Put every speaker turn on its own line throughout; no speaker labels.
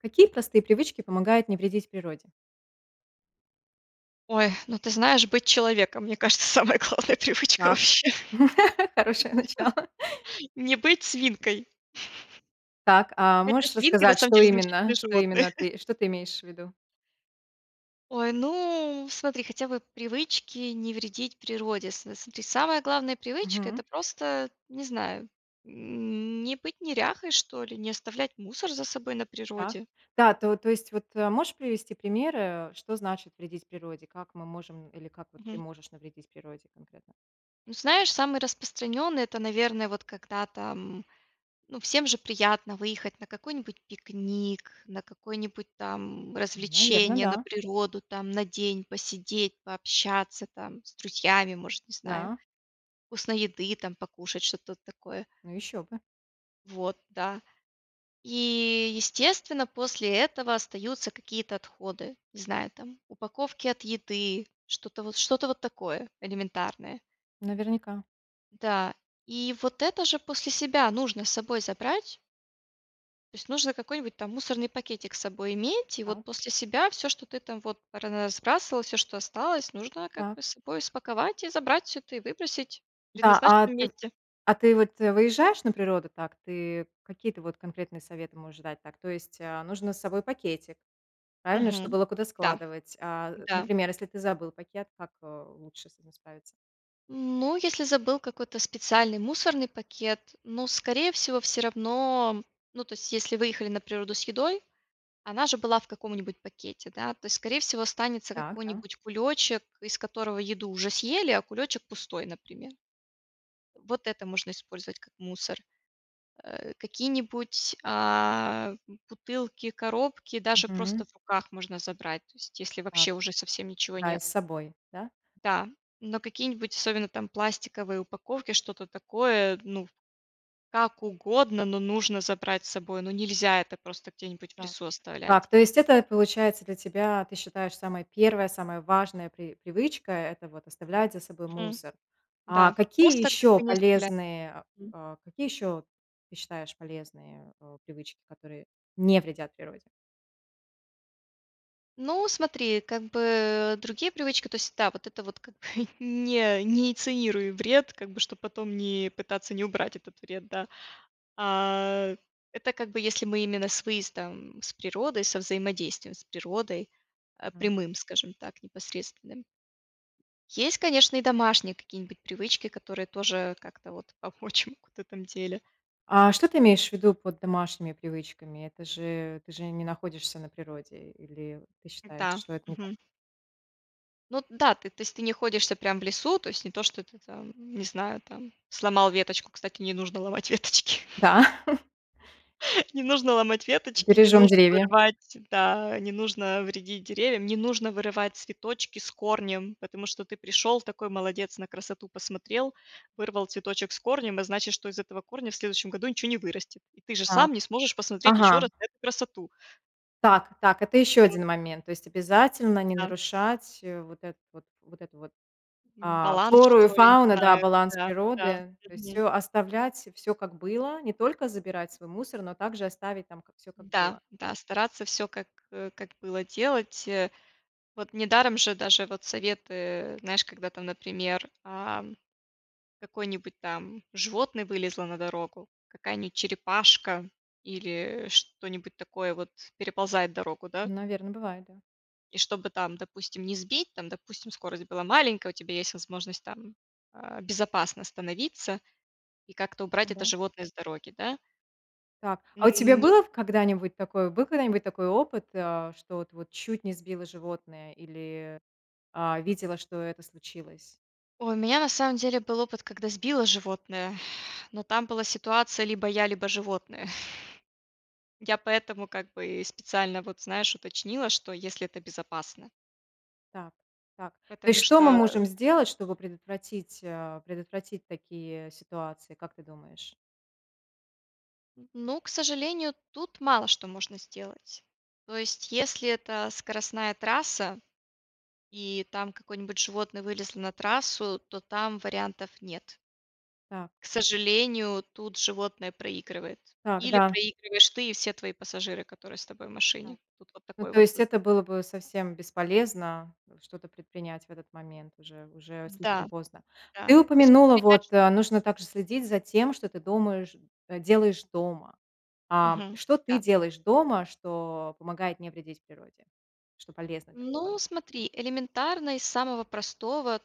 Какие простые привычки помогают не вредить природе?
Ой. Ну ты знаешь, быть человеком- мне кажется, самая главная привычка
Так,
вообще.
хорошее начало.
Не быть свинкой.
Так, а
Хотя
можешь
свинки на
рассказать,
самом
что
деле
именно?
замечательные
Что
животные.
именно ты, что ты имеешь в виду?
Ой, ну смотри. Хотя бы привычки не вредить природе. С с смотри, самая главная привычка-
Мгм.
это просто, не знаю, не быть неряхой что ли, не оставлять мусор за собой на
Так,
природе.
да. То то есть, вот, э, можешь привести примеры, э, что значит вредить природе, как мы можем или как ты
Мгм.
можешь навредить природе конкретно.
Ну знаешь, самый распространенный это, наверно, вот когда там, ну всем же приятно выехать на какой-нибудь пикник, на какое-нибудь там
Наверно,
развлечение, на
да.
природу, там, на день посидеть, пообщаться там с друзьями может, не знаю.
Да.
Вкусной еды там покушать, что-то вот такое.
Ну еще бы.
Вот, да. И естественно после этого остаются какие-то отходы, не знаю, там, упаковки от еды, что-то вот что-то вот такое элементарное.
Наверняка.
Да, и вот это же после себя нужно с собой забрать. То есть нужно какой-нибудь там мусорный пакетик с собой иметь, и
Да.
вот после себя всё, что ты там вот разбрасывал, всё, что осталось, нужно как
Так.
бы с собой спаковать и забрать всё это, и выбросить в
Да, а
предназначенном
ты
месте.
а ты вот, э, выезжаешь на природу, так? Ты какие-то вот конкретные советы можешь дать, так? То есть, а, нужно с собой пакетик, правильно? Чтобы
Мгм.
было куда
Да,
складывать, а.
да.
Например, если ты забыл пакет, как, э, лучше с этим справиться?
Ну, если забыл какой-то специальный мусорный пакет. Ну, скорее всего, всё равно, ну, то есть если выехали на природу с едой, она же была в каком-нибудь пакете, да? То есть, скорее всего, останется
Так, да.
какой-нибудь кулёчек, из которого еду уже съели, а кулёчек пустой, например. Вот это можно использовать как мусор, а. Какие-нибудь, а, бутылки, коробки даже просто
Мгм.
в руках можно забрать, то есть если
Так,
вообще уже совсем ничего
да и
нет.
с собой, да?
Да, но какие-нибудь особенно там пластиковые упаковки, что-то такое, ну, как угодно, но нужно забрать с собой, ну, нельзя это просто где-нибудь в
Так,
лесу
так,
оставлять.
то есть, это, получается, для тебя, ты считаешь, самая 1, самая важная при привычка- это вот оставлять за собой
Мгм,
мусор. А
да,
какие
просто как
еще
то не оставлять.
полезные
Мгм.
а какие ещё ты считаешь полезные, а, привычки, которые не вредят природе?
Ну смотри, как бы, э, другие привычки, то есть, да, вот это вот, как не не инициируй вред, как бы, чтоб потом не пытаться не убрать этот вред, да, а. Это как бы если мы именно с выездом, с природой, со взаимодействием с природой, а,
М.
прямым, скажем так, непосредственным. Есть, конечно, и домашние какие-нибудь привычки, которые тоже как-то, вот, помочь могут в этом деле.
А что ты имеешь в виду под домашними привычками? Это же ты же не находишься на природе или ты считаешь,
Да.
что это не так?
Мгм. Ну да, ты то есть ты не находишься прям в лесу, то есть не то, что ты там, не знаю, там сломал веточку. Кстати, не нужно ломать веточки.
Да!
Не нужно ломать веточки, не
Бережем
нужно
деревья.
вырывать, да, не нужно вредить деревьям, не нужно вырывать цветочки с корнем. Потому что ты пришел, такой молодец, на красоту посмотрел, вырвал цветочек с корнем, а значит, что из этого корня в следующем году ничего не вырастет. И ты же
Так.
сам не сможешь посмотреть еще
Ага.
раз эту красоту.
Так, так, это еще
Вот.
один момент. То есть обязательно не
Да.
нарушать, э, вот эту вот, вот эту вот,
М.
а,
Баланс,
флору и
что ли, не
фауну, да,
знаю.
баланс
Да, да,
природы, то есть,
мгм.
всё оставлять, всё как было, не только забирать свой мусор, но также оставить там как всё как
Да,
было.
да, стараться всё как, э, как было делать, э. Вот недаром же даже вот советы, знаешь, когда там, например, ам, какое-нибудь там животное вылезло на дорогу, какая-нибудь черепашка или, э, что-нибудь такое вот переползает дорогу, да.
Наверно, бывает, да.
И чтобы там, допустим, не сбить, там, допустим, скорость была маленькая, у тебя есть возможность там, а, безопасно остановиться и как-то убрать это
Да.
животное с дороги, да.
Так.
М,
А у тебя
ни
было в когда-нибудь такое, был когда-нибудь такой опыт, а, что вот вот чуть не сбила животное или, а, видела, что это случилось?
Ой, у меня на самом деле был опыт, когда сбила животное, но там была ситуация: либо я, либо животное. Я поэтому, как бы, и специально, вот, знаешь, уточнила, что если это безопасно.
Так, так, то
Потому
есть что мы
что
можем
[unintelligible]
сделать, чтобы предотвратить, э, предотвратить такие ситуации, как ты думаешь?
Ну, к сожалению, тут мало что можно сделать. То есть если это скоростная трасса и там какое-нибудь животное вылезло на трассу, то там вариантов нет.
Так.
К сожалению, тут животное проигрывает,
Так,
или
да.
проигрываешь ты и все твои пассажиры, которые с тобой в
Так.
машине, тут вот
Ну,
такой
то
вот
есть
выбор.
это было бы совсем бесполезно что-то предпринять в этот момент, уже уже слишком
Да,
поздно.
да,
Ты упомянула,
воспринимаешь
вот, э, нужно также следить за тем, что ты думаешь делаешь дома. Ам,
Мгм,
что ты
да.
делаешь дома, что помогает не вредить природе, что полезно для
Ну
природы?
смотри, элементарно из самого простого: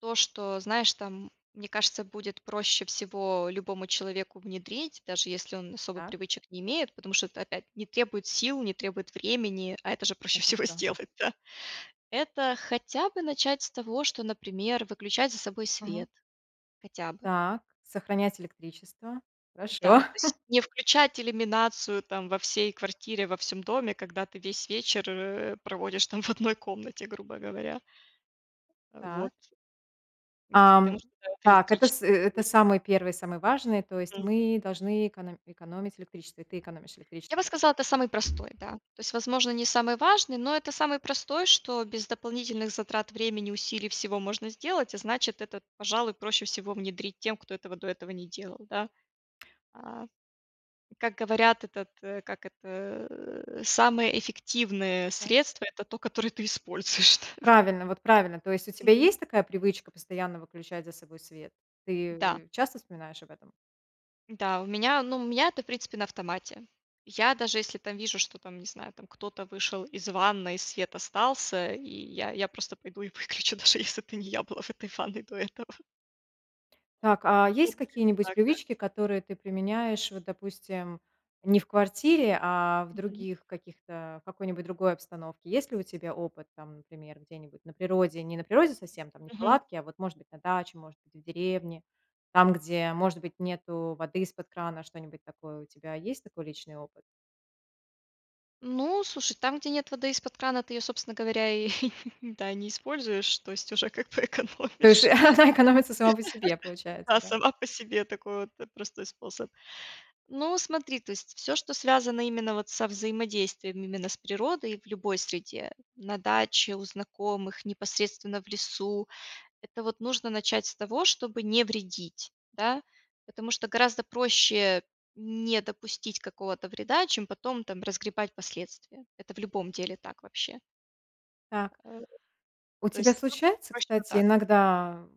то, что знаешь там, мне кажется, будет проще всего любому человеку внедрить. Даже если он особо
Так.
привычек не имеет. Потому что опять не требует сил, не требует времени, а это же проще
Это
всего
что?
сделать, да Это хотя бы начать с того, что, например, выключать за собой
Мгм.
свет, хотя бы.
Так, сохранять электричество, хорошо.
Да, то есть не включать иллюминацию там во всей квартире, во всем доме, когда ты весь вечер, э, проводишь там в одной комнате, грубо говоря.
Так.
Вот. Потому
Ам,
что это
так это с
электричество.
это
[unintelligible]
самый 1, самый важный, то есть
Мгм.
мы должны эконо экономить электричество, и ты экономишь
Я бы
электричество.
сказала, это самый простой, да. То есть, возможно, не самый важный, но это самый простой, что без дополнительных затрат времени, усилий, всего можно сделать. А значит, это, пожалуй, проще всего внедрить тем, кто этого до этого не делал, да. А, как говорят, этот, э, как это, э, самое эффективное
Так.
средство- это то, которое ты используешь.
Правильно, вот правильно! То есть у тебя
Мгм.
есть такая привычка постоянно выключать за собой свет?
Да.
Ты часто вспоминаешь об этом?
Да, у меня, ну, у меня это, в принципе, на автомате. Я даже если там вижу, что, там, не знаю, там кто-то вышел из ванной, свет остался, и я я просто пойду и выключу, даже если это не я была в этой ванной до этого.
Так, а есть
[unintelligible]
какие-нибудь
Так, да.
привычки, которые ты применяешь, вот допустим, не в квартире, а в
Мгм.
других каких-то в какой-нибудь другой обстановке? Есть ли у тебя опыт там, например, где-нибудь на природе, не на природе совсем, там не в
Мгм.
палатке, а вот, может быть, на даче, может быть, в деревне. Там, где, может быть, нету воды из-под крана, что-нибудь такое у тебя, есть такой личный опыт?
Ну, слушай, там, где нет воды из-под крана, ты ее, собственно говоря, и да, и не используешь, то есть уже как бы
То есть шу
экономишь,
она экономится сама по себе, получается,
да.
да.
Сама по себе такой вот, э, простой способ. Ну, смотри, то есть всё, что связано именно вот со взаимодействием именно с природой в любой среде: на даче, у знакомых, непосредственно в лесу,- это вот нужно начать с того, чтобы не вредить, да. Потому что гораздо проще не допустить какого-то вреда, чем потом там разгребать последствия, это в любом деле так вообще.
Так. У
То
тебя
есть [unintelligible]
случаются,
точно
кстати,
так.
иногда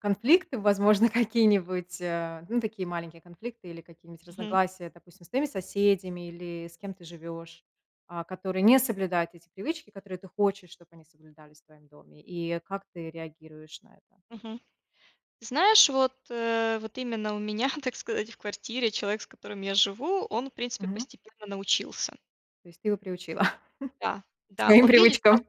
конфликты, возможно, какие-нибудь, а, ну, такие маленькие конфликты или какие-нибудь
Мгм.
разногласия. Допустим, с твоими соседями или с кем ты живешь, а, которые не соблюдают эти привычки, которые ты хочешь, чтобы они соблюдались в твоем доме, и как ты реагируешь на это?
Мгм. Знаешь, вот, э, вот именно у меня, так сказать, в квартире человек, с которым я живу, он, в принципе,
Мгм.
постепенно научился.
То есть ты его приучила
Да,
к
да.
своим
Он видит прос
привычкам.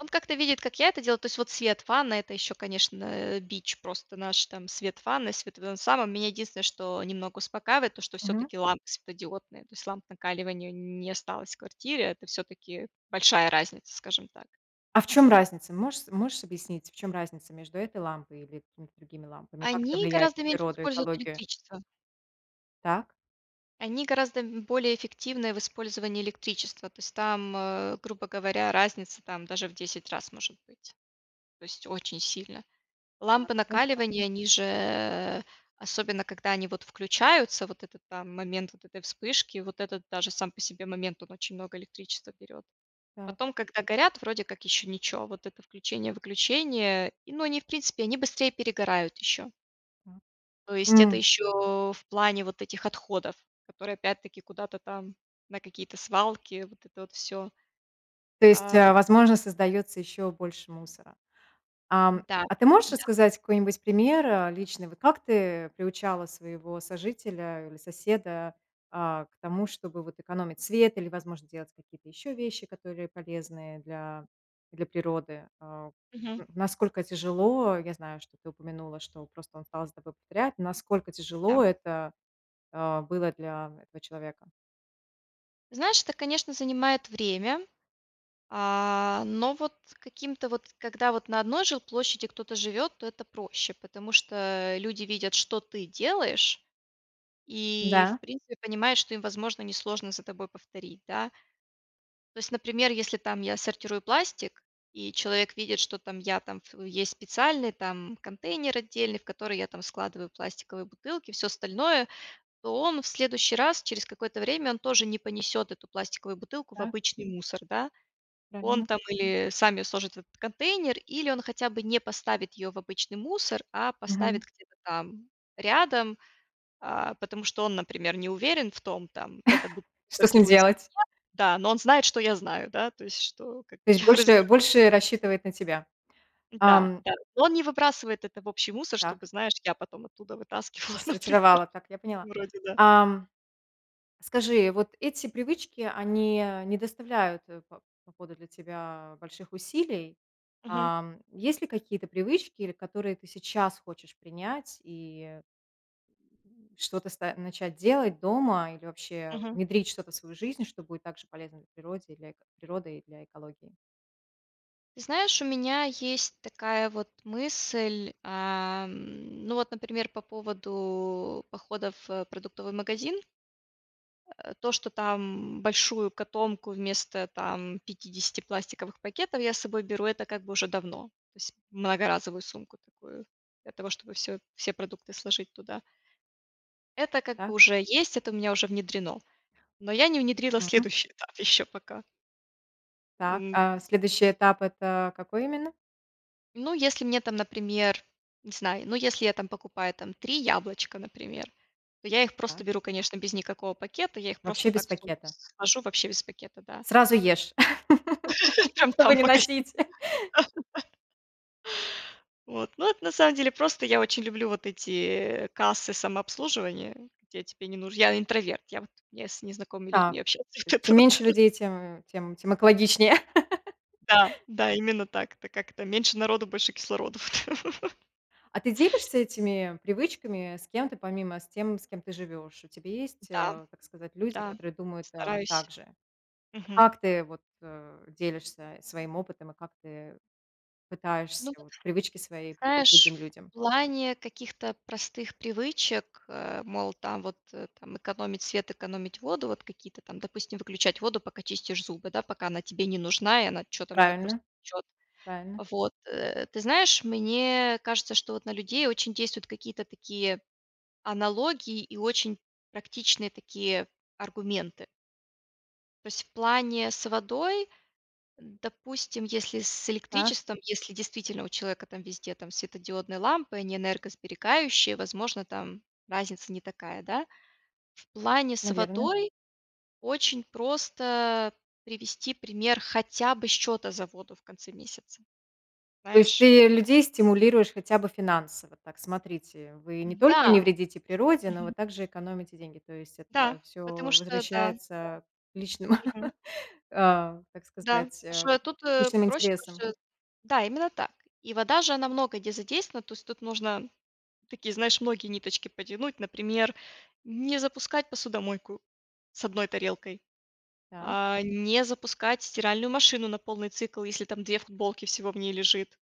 он как-то видит, как я это делаю, то есть вот свет, ванна, это еще конечно бич просто. Наш там свет, ванна, свет в этом самом меня единственное, что немного успокаивает то, что
Мгм.
всё-таки лампы светодиодные. То есть ламп накаливания н не осталось в квартире, это всё-таки большая разница, скажем так.
А в чём разница? Можешь с можешь объяснить, в чём разница между этой лампой или какими-то другими лампами? И как это
Они
влияет на
гораздо меньше
природу,
используют
экологию?
электричества.
Так.
Они гораздо б более эффективны в использовании электричества. То есть там, э, грубо говоря разница, там, даже в 10 раз может быть, то есть очень сильно.
Да,
Лампы
хорошо.
накаливания они же, э, особенно, когда они вот включаются, вот этот, там, момент вот этой вспышки, вот этот даже сам по себе момент, он очень много электричества берет.
Так.
Потом, когда горят вроде как еще ничё, вот это включение-выключение. И, но они в принципе, они быстрее перегорают еще.
Так.
То есть это
М.
еще в плане вот этих отходов, которые опять таки куда-то там на какие-то свалки, вот это вот всё.
То есть,
А.
а, возможно, создается еще больше мусора. Ам,
Да.
а ты можешь
Да.
рассказать какой-нибудь пример, а, личный, вот как ты приучала своего сожителя или соседа, а, к тому, чтобы вот экономить свет или, возможно, делать какие-то еще вещи, которые полезные для для природы? А,
Мгм.
н насколько тяжело, я знаю, что ты упомянула, что просто он стал за тобой повторять, насколько
Да.
тяжело это, а, было для этого человека?
Знаешь, это, конечно, занимает время, а, но вот каким-то вот когда вот на одной жилплощади кто-то живет, то это проще. Потому что люди видят, что ты делаешь, и, в
Да.
принципе, понимают, что им, возможно, несложно за тобой повторить, да. То есть, например, если там я сортирую пластик, и человек видит, что там я там в есть специальный, там, контейнер отдельный, в который я там складываю пластиковые бутылки, всё остальное. То он в следующий раз, через какое-то время, он тоже не понесет эту пластиковую бутылку в
Так.
обычный мусор, да. Он
Правильно.
там или сами сложит в этот контейнер, или он хотя бы не поставит ее в обычный мусор, а
Мгм.
поставит где-то там рядом, а, потому что он, например, не уверен в том, там, эта бут
Что с ним
сортируется или нет,
делать?
да, но он знает, что я знаю, да, то есть, что, как
То
бы,
есть
я разберусь.
больше больше рассчитывает на тебя.
Да,
Ам.
да. Он не выбрасывает это в общий мусор,
Так.
чтобы, знаешь, я потом оттуда вытаскивала, например.
Рассортировала. Так, я поняла.
Вроде да.
Ам, скажи, вот эти привычки, они не доставляют, по по ходу, для тебя больших усилий?
Мгм.
Ам, есть ли какие-то привычки, которые ты сейчас хочешь принять, и Что-то ст начать делать дома или вообще
Мгм.
внедрить что-то в свою жизнь, что будет так же полезно для природе и для эко природы и для экологии?
Ты знаешь, у меня есть такая вот мысль, ам, ну вот, например, по поводу походов в продуктовый магазин. Э, то, что там большую котомку вместо, там, 50 пластиковых пакетов я с собой беру, это как бы уже давно, то есть многоразовую сумку такую для того, чтобы всё все продукты сложить туда. Это как
Да.
бы уже есть, это у меня уже внедрено, но я не внедрила
Мгм.
следующий этап еще пока.
Так,
М. Сь
а следующий этап- это какой именно?
Ну если мне там, например, не знаю, я, ну, если я там покупаю, там, 3 яблочка, например, то я их
Так.
просто беру, конечно, без никакого пакета, я их просто
Вообще без
так в сумку
пакета?
сложу Вообще без пакета, да.
Сразу ешь,
Прям
чтобы
там
не
в магазине,
носить.
да-да. Вот, ну это, на самом деле, просто я очень люблю вот эти кассы самообслуживания, где тебе не нуж Я интроверт, я, вот, я с незнакомыми
Так.
людьми общаться не
То есть чем
готова,
меньше
да.
людей, тем тем тем экологичнее.
Да-да, именно так. Это как это: меньше народу, больше кислороду.
А ты делишься этими привычками с кем-то, помимо, с тем, с кем ты живешь? У тебя есть,
Да,
э, так сказать люди,
да,
которые думают, а, так
Стараюсь,
же?
мгм.
Как ты вот, э, делишься своим опытом и как ты пытаешься
Ну вот.
вот привычки свои привить
Знаешь,
другим людям?
в плане каких-то простых привычек, э, мол, там, вот, э, там, экономить свет, экономить воду, вот какие-то там, допустим, выключать воду, пока чистишь зубы, да, пока она тебе не нужна и она, чё там, она
Правильно,
просто течет,
правильно.
вот, э. Ты знаешь, мне кажется, что вот на людей очень действуют какие-то такие аналогии и очень практичные такие аргументы. То есть в плане с водой, допустим, если с
Так.
электричеством, если действительно у человека там везде там светодиодные лампы, они энергосберегающие, возможно, там разница не такая, да. В плане с
Наверное.
водой очень просто привести пример, хотя бы счета за воду в конце месяца,
То есть
знаешь.
ты людей стимулируешь хотя бы финансово. Так, смотрите, вы не только не
Да!
вредите природе, но вы
Мгм.
также экономите деньги. То есть
Да,
это всё
потому что, да-да.
возвращается к личным,
Мгм.
э, как
Да,
сказать, э,
потому что тут
личным
проще,
интересам.
потому что. Да, именно так! И вода же, она много где задействована, то есть тут нужно такие, знаешь, многие ниточки потянуть, например, не запускать посудомойку с 1 тарелкой,
Так.
а, не запускать стиральную машину на полный цикл, если там 2 футболки всего в ней лежит.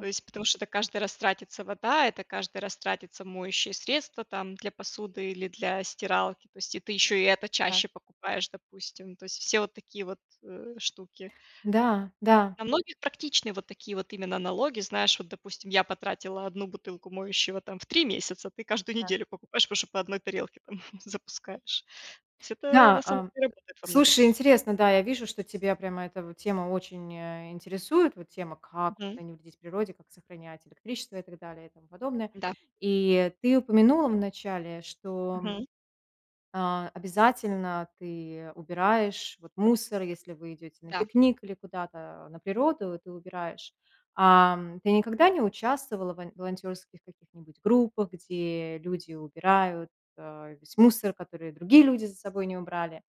То есть потому что это каждый раз тратится вода, это каждый раз тратится моющие средства, там для посуды или для стиралки. То есть и ты еще и это
Так.
чаще покупаешь, допустим. То есть все вот такие вот, э, штуки.
Да. Да.
На многих практичны вот такие вот именно налоги. Знаешь, вот, допустим, я потратила 1 бутылку моющего там в 3 месяца, ты каждую
Так.
неделю покупаешь, потому что 1 тарелке там, запускаешь. То есть это,
Да,
на самом
эм,
деле, работает во многих
слушай,
случаях.
интересно, да, я вижу, что тебя прямо эта вот тема очень интересует, вот тема, как
Мгм.
вот не вредить природе, как сохранять электричество и так далее, и тому подобное.
Да.
И ты упомянула вначале, что,
Мгм.
а, обязательно ты убираешь вот мусор, если вы идете на
Да.
пикник или куда-то на природу, ты убираешь. Ам, ты никогда не участвовала вн волонтерских каких-нибудь группах, где люди убирают, э, весь мусор, который другие люди за собой не убрали?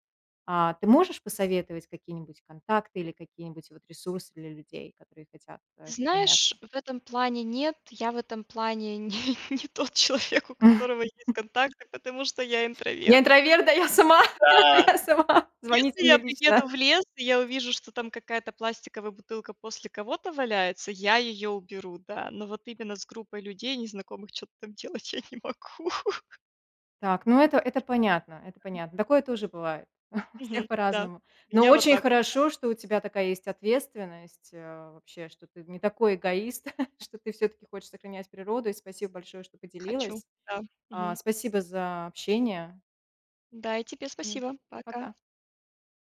А ты можешь посоветовать какие-нибудь контакты или какие-нибудь вот ресурсы для людей, которые хотят
Ты
этим
знаешь,
заняться?
в этом плане нет, я в этом плане не не тот человек, у которого есть контакты, потому что я
Не
интроверт.
интроверт, да я сама,
Да!
я сама, звоните
Если я
мне лично.
приеду в лес и я увижу, что там какая-то пластиковая бутылка после кого-то валяется, я ее уберу, да. Но вот именно с группой людей незнакомых, чё-то там делать я не могу.
Так, ну это это понятно, это понятно. Такое тоже бывает, у всех
Мгм. Да.
по-разному.
У
Но
меня вот
очень
так, да.
хорошо, что у тебя такая есть ответственность, э, вообще, что ты не такой эгоист, что ты всё-таки хочешь сохранять природу. И спасибо большое, что
Хочу.
поделилась,
Да.
а,
Мгм.
спасибо за общение!
Да, и тебе
М.
спасибо! Пока!
Пока.